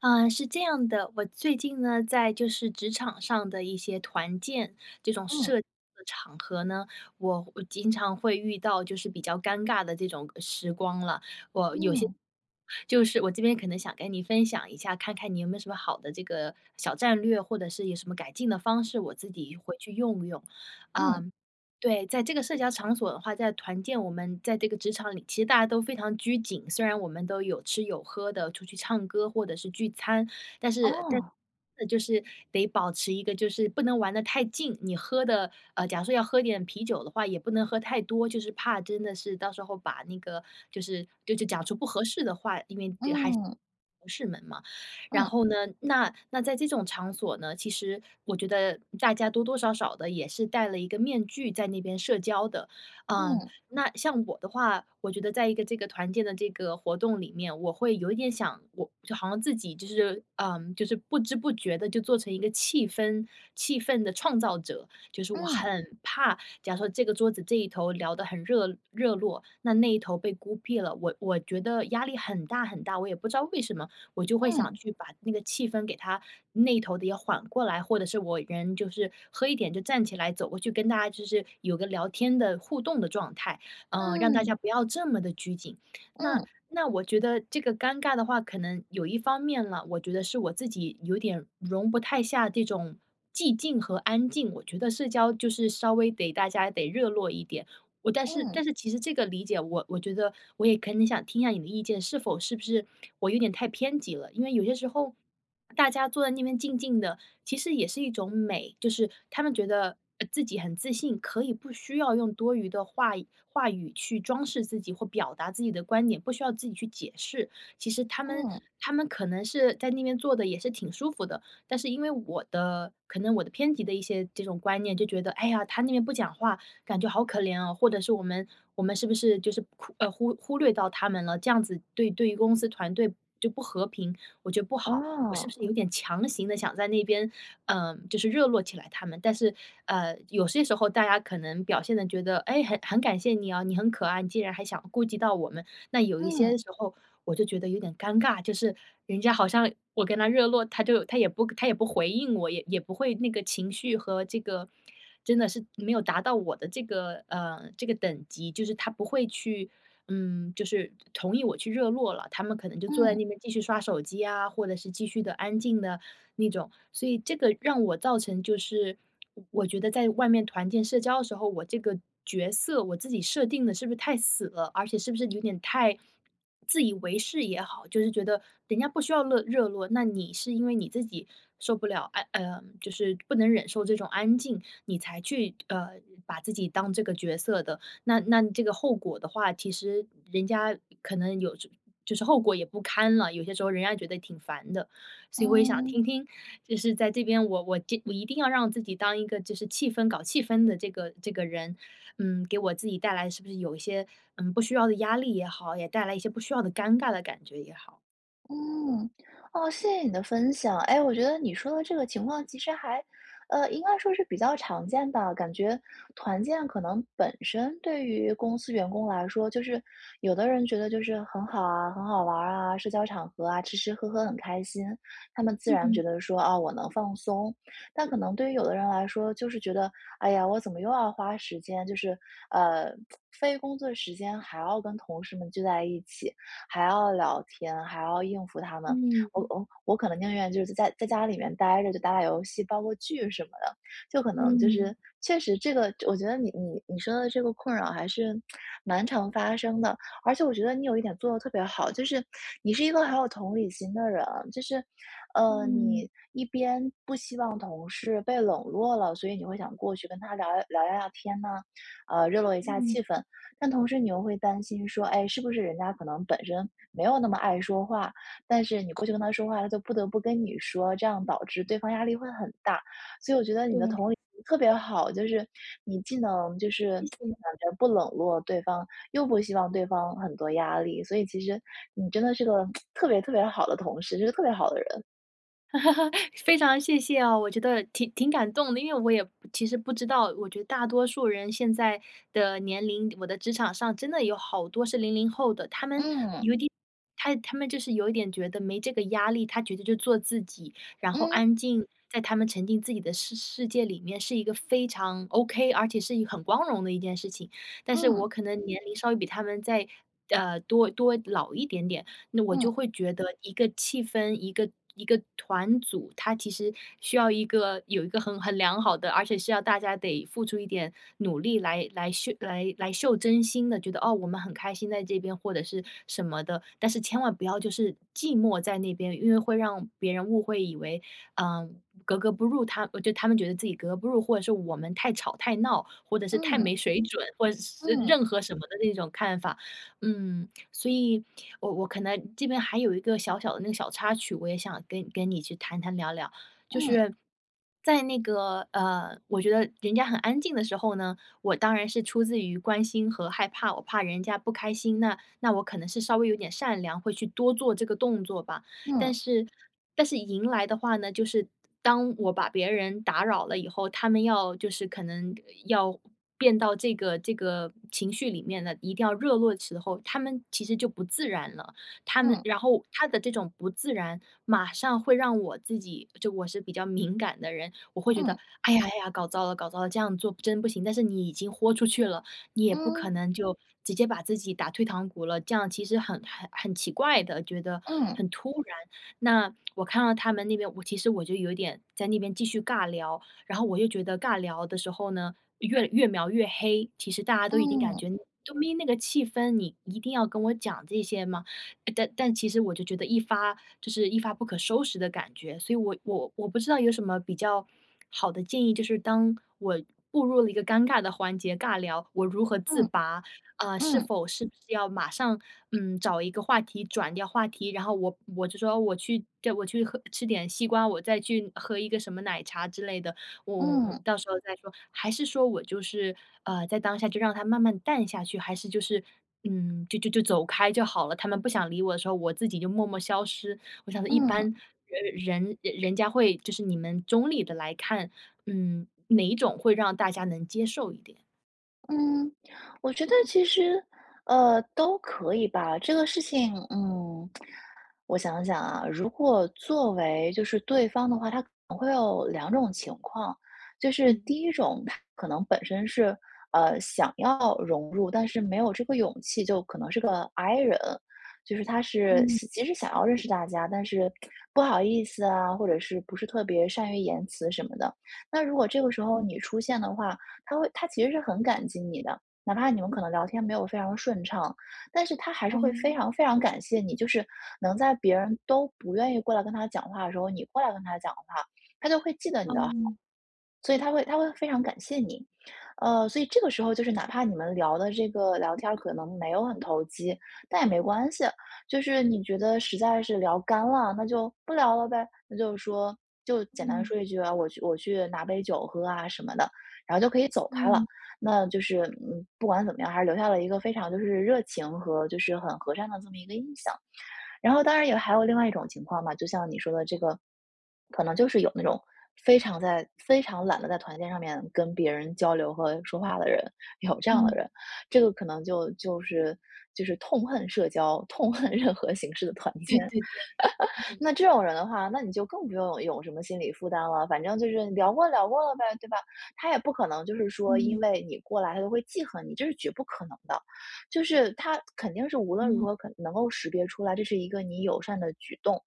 呃，是这样的，我最近呢，在就是职场上的一些团建这种嗯。社交的场合呢，我我经常会遇到就是比较尴尬的这种，呃，时光了。我有些嗯。就是我这边可能想跟你分享一下，看看你有没有什么好的这个小战略，或者是有什么改进的方式，我自己回去用用。嗯。呃对，在这个社交场所的话，在团建我们在这个职场里，其实大家都非常拘谨，虽然我们都有吃有喝的，出去唱歌或者是聚餐，但是但，哦。就是得保持一个就是不能玩得太近。你喝的呃，假如说要喝点啤酒的话，也不能喝太多，就是怕真的是到时候把那个就是就就讲出不合适的话，因为还是嗯。同事们嘛。然嗯。后呢，那那在这种场所呢，其实我觉得大家多多少少地也是戴了一个面具在那边社交的。嗯，嗯。那像我的话，我觉得在一个这个团建的这个活动里面，我会有一点想我就好像自己就是，嗯，就是不知不觉地就做成一个气氛气氛的创造者。就是我嗯。很怕假如说这个桌子这一头聊得很热热络，那那一头被孤僻了，我我觉得压力很大很大，我也不知道为什么，我就会想嗯。去把那个气氛给它那头的也缓过来，或者是我人就是，喝一点就站起来走，我就跟大家就是有个聊天的互动的状态，呃，让大家嗯。不要这么地拘谨。那嗯。那我觉得这个尴尬的话，可能有一方面啦，我觉得是我自己有点容不太下这种寂静和安静，我觉得社交就是稍微得大家得热络一点。我但是嗯。但是其实这个理解我我觉得我也可能想听一下你的意见，是否是不是我有点太偏激了。因为有些时候，大家坐在那边静静的，其实也是一种美。就是他们觉得，呃自己很自信，可以不需要用多余的话语话语去装饰自己或表达自己的观点，不需要自己去解释。其实他们嗯。他们可能是在那边坐得也是挺舒服的，但是因为我的可能我的偏激的一些这种观念就觉得：“哎呀，他那边不讲话，感觉好可怜哦“，或者是”我们我们是不是就是苦呃，忽略到他们了？“这样子对对公司团队就不和平，我觉得不好。我是不是哦。有点强行地想在那边，呃，就是热络起来他们，但是，呃，有些时候大家可能表现得觉得：“诶，很很感谢你啊，你很可爱，你竟然还想顾及到我们。“那有一些嗯。时候我就觉得有点尴尬，就是人家好像我跟他热络，他就他也不他也不回应我，也也不会那个情绪和这个真的是没有达到我的这个呃，这个等级。就是他不会去嗯，就是同意我去热络了，他们可能就坐在嗯。那边继续刷手机啊，或者是继续地安静的那种。所以这个让我造成就是我觉得在外面团建社交的时候，我这个角色，我自己设定得是不是太死了？而且是不是有点太自以为是也好，就是觉得人家不需要乐热络，那你是因为你自己受不了，呃嗯，就是不能忍受这种安静，你才去，呃，把自己当这个角色的，那那这个后果的话，其实人家可能有就是后果也不堪了，有些时候人家觉得挺烦的。所以我也想嗯。听听，就是在这边，我我就我一定要让自己当一个就是气氛搞气氛的这个这个人，嗯，给我自己带来是不是有一些，嗯，不需要的压力也好，也带来一些不需要的尴尬的感觉也好？嗯，哦，谢谢你的分享。诶，我觉得你说的这个情况其实还，呃，应该说是比较常见吧。感觉团建可能本身对于公司员工来说就是有的人觉得就是很好啊，很好玩儿啊，社交场合啊，吃吃喝喝很开心。他们自嗯然觉嗯。得说：“啊，我能放松。”但可能对于有的人来说就是觉得：“哎呀，我怎么又要花时间。”就是，呃，非工作时间还要跟同事们聚在一起，还要聊天，还要应付他们。嗯我嗯。我我可能宁愿就是在在家里面呆着就打打游戏，煲个剧什么的。就可能就嗯。是确实这个我觉得你你你说的这个困扰还是蛮常发生的。而且我觉得你有一点做得特别好，就是你是一个很有同理心的人。就是，呃，嗯。你一边不希望同事被冷落了，所以你会想过去跟他聊聊聊聊天呢。呃，热络一下嗯。气氛。但同时你又会担心说：“哎，是不是人家可能本身没有那么爱说话。“但是你过去跟他说话，他就不得不跟你说。这样导致对方压力会很大。所以我觉得你的对。同理心特别好，就是你既能就是谢感谢。觉不冷落对方又不希望对方很多压力，所以其实你真的是个特别特别好的同事，就是特别好的人。非常谢谢哦，我觉得挺挺感动的。因为我也不其实不知道我觉得大多数人现在的年龄，我的职场上真的有好多是零零后的。他们嗯。有一点他他们就是有一点觉得没这个压力，他觉得就做自己，然后嗯。安静，在他们沉浸自己的世世界里面是一个非常 ok、而且是一个很光荣的一件事情。但是嗯。我可能年龄稍微比他们再，呃，多多老一点点，那我就嗯。会觉得一个气氛，一个一个团组，它其实需要一个有一个很很良好的而且是要大家得付出一点努力来来秀来来秀真心的，觉得，哦，我们很开心在这边或者是什么的。但是千万不要就是寂寞在那边，因为会让别人误会，以为，呃，格格不入他我觉得他们觉得自己格格不入，或者是我们太吵太闹，或者是太嗯。没水准，或者是嗯。任何什么的那种看法。嗯，所以，我我可能这边还有一个小小的那个小插曲，我也想跟你跟你去谈谈、聊聊。就嗯。是 在那个，呃，我觉得人家很安静的时候呢，我当然是出自于关心和害怕，我怕人家不开心，那那我可能是稍微有点善良，会去多做这个动作吧。但嗯。是但是迎来的话呢，就是当我把别人打扰了以后，他们要就是可能呃，要变到这个这个情绪里面呢，一定要热络的时候，他们其实就不自然了。他们嗯。然后他的这种不自然，马上会让我自己就我是比较敏感的人，我会觉嗯。得：“哎呀哎呀，搞糟了搞糟了，这样做不真不行。”但是你已经豁出去了，你也不可嗯。能就直接把自己打退堂鼓了，这样其实很很很奇怪的，觉得嗯。很突然。那，我看到他们那边我其实我就有一点在那边继续尬聊。然后我又觉得尬聊的时候呢，越越描越黑，其实大家都已经感嗯。觉：“都没那个气氛，你一定要跟我讲这些吗？”但但其实我就觉得一发就是一发不可收拾的感觉，所以我我我不知道有什么比较好的建议，就是当我步入了一个尴尬的环节，尬聊，我如何自嗯。拔？呃，是嗯。否是要马上，嗯，找一个话题、转掉话题？然后我我就说我去对，我去喝吃点西瓜，我再去喝一个什么奶茶之类的，我我我嗯。到时候再说？还是说我就是，呃，在当下就让它慢慢淡下去，还是就是，嗯，就就就走开就好了，他们不想理我的时候，我自己就默默消失？我想说一般嗯。人人人家会就是你们中立地来看，嗯，哪一种会让大家能接受一点？嗯，我觉得其实，呃，都可以吧。这个事情，嗯，我想想啊。如果作为就是对方的话，他可能会有2种情况。就是嗯。第1种他可能本身是，呃，想要融入，但是没有这个勇气，就可能是个 i 人，就是他是嗯。即使想要认识大家，但是 不好意思啊，或者是不是特别善于言辞什么的。那如果这个时候嗯。你出现的话，他会他其实是很感激你的，哪怕你们可能聊天没有非常顺畅，但是他还是会非嗯。常非常感谢你，就是能在别人都不愿意过来跟他讲话的时候，你过来跟他讲话，他就会记得你的好，嗯。所以他会他会非常感谢你。呃，所以这个时候就是哪怕你们聊得这个聊天儿可能没有很投机，但也没关系。就是你觉得实在是聊干了，那就不聊了呗，那就是说就简单嗯。说一句啊，“我去我去拿杯酒喝啊”什么的，然后就可以走开了。嗯那就是，嗯，不管怎么样，还是留下了一个非常就是热情和就是很和善的这么一个印象。然后当然也还有另外一种情况吧，就像你说的这个，可能就是有那种非常在非常懒得在团建上面跟别人交流和说话的人，有这样的嗯。人。这个可能就就是就是痛恨社交，痛恨任何形式的团对建。对对。嗯。那这种人的话，那你就更不用有什么心理负担了，反正就是聊过聊过了呗，对吧？他也不可能就是说因嗯。为你过来他会记恨你，这是绝不可能的。就是他肯定是无论嗯。如何可能够识别出来，这是一个你友善的举动。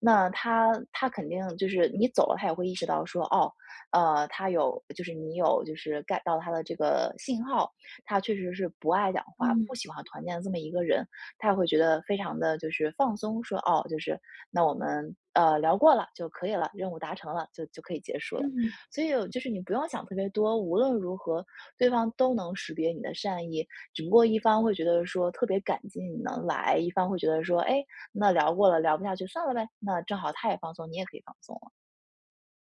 那他他肯定就是你走了，他也会意识到说，哦，呃，他有就是你有就是 get 到他的这个信号，他确实是不爱讲话，嗯。不喜欢团建的这么一个人。他也会觉得非常地就是放松说，“哦就是那我们，呃，聊过了就可以了“，”任务达成了就就可以结束了”。嗯。所以就是你不用想特别多，无论如何对方都能识别你的善意，只不过一方会觉得说“特别感激你能来”，一方会觉得说”哎，那聊过了，聊不下去算了呗“。那正好他也放松，你也可以放松了。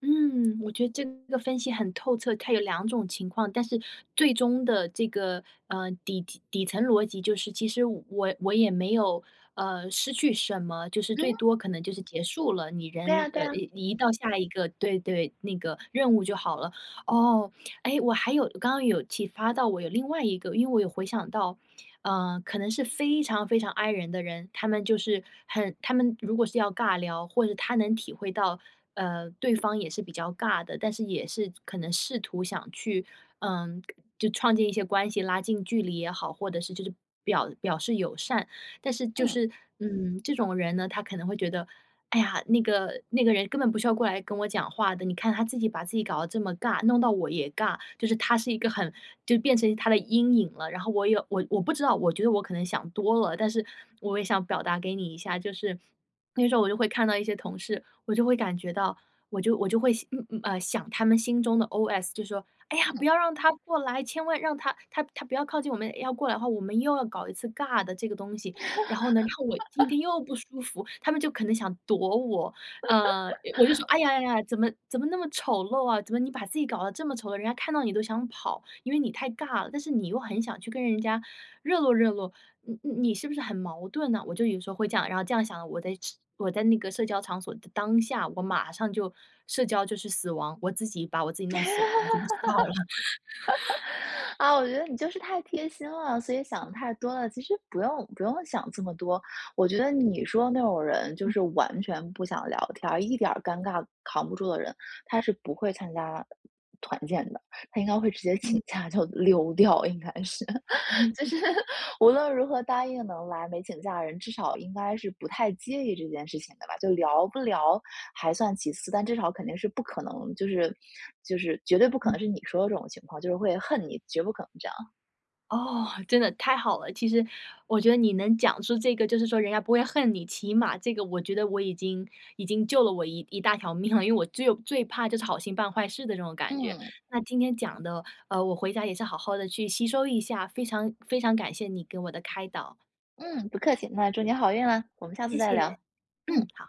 嗯，我觉得这个分析很透彻。它有2种情况，但是最终的这个，呃，底底层逻辑就是，其实我我也没有，呃，失去什么，就是最嗯。多可能就是结束了，你对呀人对呃呀。移移到下一个对对，那个任务就好了。哦，诶，我还有刚刚有启发到我有另外一个因为我有回想到，呃，可能是非常非常 I 人的人，他们就是很他们如果是要尬聊，或者他能体会到，呃，对方也是比较尬的，但是也是可能试图想去，嗯，就创建一些关系，拉近距离也好，或者是就是表表示友善。但是就嗯。是，嗯，这种人呢，他可能会觉得：“哎呀，那个那个人根本不需要过来跟我讲话的，你看她自己把自己搞得这么尬，弄到我也尬。“就是他是一个很就变成他的阴影了，然后我也我我不知道，我觉得我可能想多了，但是我也想表达给你一下，就是那时候我就会看到一些同事，我就会感觉到我就我就会，嗯嗯，呃，想他们心中的 OS 就说：“哎呀，不嗯。要让她过来，千万让她她她不要靠近我们，要过来的话，我们又要搞一次尬的这个东西。“然后呢然后我今 天又不舒服，他们就可能想躲我，呃，我就说：“哎呀，哎呀，怎么怎么那么丑陋啊，怎么你把自己搞得这么丑陋，人家看到你都想跑。“因为你太尬了，但是你又很想去跟人家热络热络，你你是不是很矛盾呢？我就有时候会这样然后这样想，我在只我在那个社交场所的当下，我马上就社交就是死亡，我自己把我自己弄死亡了，我就不知道了。啊，我觉得你就是太贴心了，所以想得太多了。其实不用不用想这么多，我觉得你说那种人就嗯。是完全不想聊天，一点尴尬扛不住的人，他是不会参加团建的，他应该会直接嗯。请假就溜掉应该是。就 是无论如何答应能来没请假的人，至少应该是不太介意这件事情的吧，就聊不聊还算其次，但至少肯定是不可能就是就是绝对不可嗯。能是你说的这种情况，就是会恨你，绝不可能这样。哦，真的太好了！其实我觉得你能讲出这个，就是说人家不会恨你，起码这个我觉得我已经已经救了我一一大条命了。因为我最最怕就是好心办坏事的这种感觉，嗯。那今天讲的，呃，我回家也是好好地去吸收一下，非常非常感谢你给我的开导。嗯，不客气，那祝您好运了，我们下次谢再聊。谢，嗯。嗯，好。